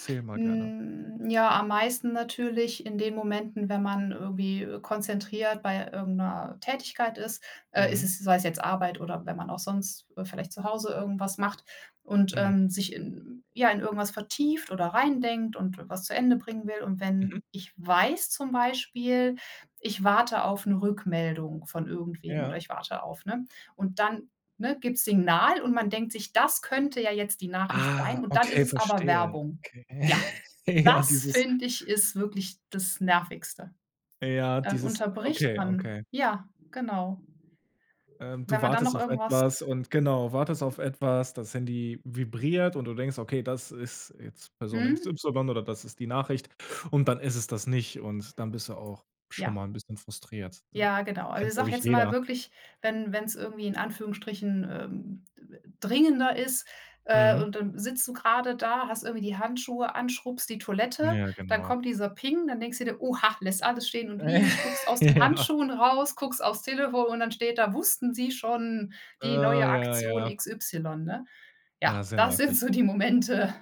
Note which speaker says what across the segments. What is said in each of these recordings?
Speaker 1: Erzähl mal gerne.
Speaker 2: Hm, ja, am meisten natürlich in den Momenten, wenn man irgendwie, äh, konzentriert bei irgend ’ner Tätigkeit ist. Äh, ist
Speaker 1: Mhm.
Speaker 2: es sei es jetzt Arbeit oder wenn man auch sonst, äh, vielleicht zu Hause irgendwas macht und, ähm,
Speaker 1: Mhm.
Speaker 2: sich in ja, in irgendwas vertieft oder reindenkt und was zu Ende bringen will. Und
Speaker 1: Mhm.
Speaker 2: wenn ich weiß zum Beispiel: Ich warte auf ‘ne Rückmeldung von irgendwem oder
Speaker 1: Ja.
Speaker 2: ich warte auf, ne, und dann, ne, gibt's Signal und man denkt sich: „Das könnte ja jetzt die Nachricht sein.“
Speaker 1: Ah,
Speaker 2: Und dann ist
Speaker 1: okay,
Speaker 2: es aber
Speaker 1: verstehe.
Speaker 2: Werbung.
Speaker 1: Okay.
Speaker 2: Ja,
Speaker 1: Ja,
Speaker 2: das
Speaker 1: dieses
Speaker 2: finde ich, ist wirklich das Nervigste.
Speaker 1: Ja,
Speaker 2: Dann
Speaker 1: dieses
Speaker 2: unterbricht
Speaker 1: okay
Speaker 2: man
Speaker 1: okay.
Speaker 2: ja, genau.
Speaker 1: Ähm, du
Speaker 2: Wenn man dann noch
Speaker 1: wartest auf
Speaker 2: irgendwas
Speaker 1: etwas und genau, wartest auf etwas. Das Handy vibriert, und du denkst: „Okay, das ist jetzt Person X
Speaker 2: Mhm.
Speaker 1: Y“ oder „das ist die Nachricht“, und dann ist es das nicht, und dann bist du auch schon
Speaker 2: Ja.
Speaker 1: mal ’n bisschen frustriert, ja.
Speaker 2: Ja, genau. Also
Speaker 1: Kennt,
Speaker 2: ich
Speaker 1: glaub
Speaker 2: sage
Speaker 1: ich,
Speaker 2: jetzt mal
Speaker 1: jeder.
Speaker 2: wirklich, wenn wenn’s irgendwie in Anführungsstrichen, ähm, dringender ist, äh,
Speaker 1: Mhm.
Speaker 2: und dann sitzt du grade da, hast irgendwie die Handschuhe an, schrubbst die
Speaker 1: N
Speaker 2: Toilette.
Speaker 1: ja,
Speaker 2: Dann
Speaker 1: genau.
Speaker 2: kommt dieser Ping. Dann denkst du dir: „Oha“, lässt alles stehen und liegen, schlupfst aus den
Speaker 1: Ja.
Speaker 2: Handschuhen raus, guckst aufs Telefon, und dann steht da: „Wussten Sie schon,
Speaker 1: Äh,
Speaker 2: die neue
Speaker 1: ja
Speaker 2: Aktion
Speaker 1: ja.
Speaker 2: XY“, ne?
Speaker 1: Ja,
Speaker 2: Ja,
Speaker 1: sehr
Speaker 2: das sind
Speaker 1: nervig.
Speaker 2: so die Momente,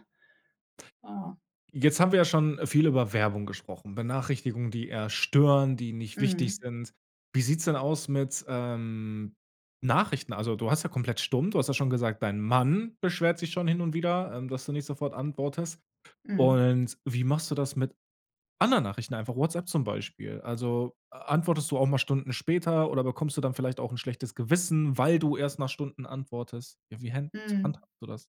Speaker 2: ja.
Speaker 1: Jetzt haben wir ja schon viel über Werbung gesprochen, Benachrichtigungen, die eher stören, die nicht wichtig
Speaker 2: Mhm.
Speaker 1: sind. Wie sieht’s denn aus mit, ähm, Nachrichten? Also, du hast ja komplett stumm. Du hast ja schon gesagt, dein Mann beschwert sich schon hin und wieder, ähm, dass du nicht sofort antwortest.
Speaker 2: Mhm.
Speaker 1: Und wie machst du das mit anderen Nachrichten? Einfach WhatsApp zum Beispiel. Also, a antwortest du auch mal Stunden später, oder bekommst du dann vielleicht auch ’n schlechtes Gewissen, weil du erst nach Stunden antwortest? Ja, wie händ
Speaker 2: Mmh.
Speaker 1: handhabst du das?